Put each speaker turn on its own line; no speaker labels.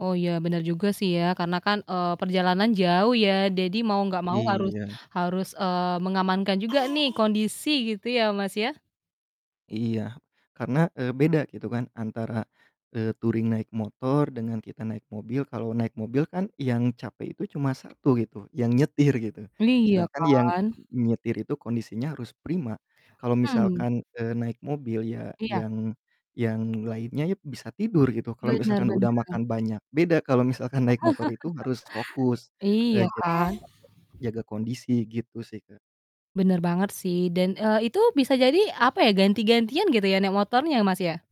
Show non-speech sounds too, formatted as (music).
Oh iya bener juga sih ya karena kan, eee, perjalanan jauh ya dadi mau nggak mau harus
Iya.
harus, eee, mengamankan juga nih kondisi gitu ya Mas ya.
Iya karna, eee, beda gitu kan antara, eee, touring naik motor dengan kita naik mobil, kalau naik mobil kan yang capek itu cuma 1 gitu yang nyetir gitu,
Iya
sedangkan yang
kan.
nyetir itu kondisinya harus prima, kalau
Mhm.
misalkan, eee, naik mobil ya
Iya.
yang yang lainnya yep bisa tidur gitu, kalau
Bener
misalkan udah
bener.
makan banyak. Beda kalau misalkan naik motor itu harus fokus,
(laughs)
eee,
Iya
ja
kan.
jaga kondisi gitu sih Kak.
Bener banget sih, dan, eee, itu bisa jadi, apa ya, ganti-gantian gitu ya naik motornya Mas ya?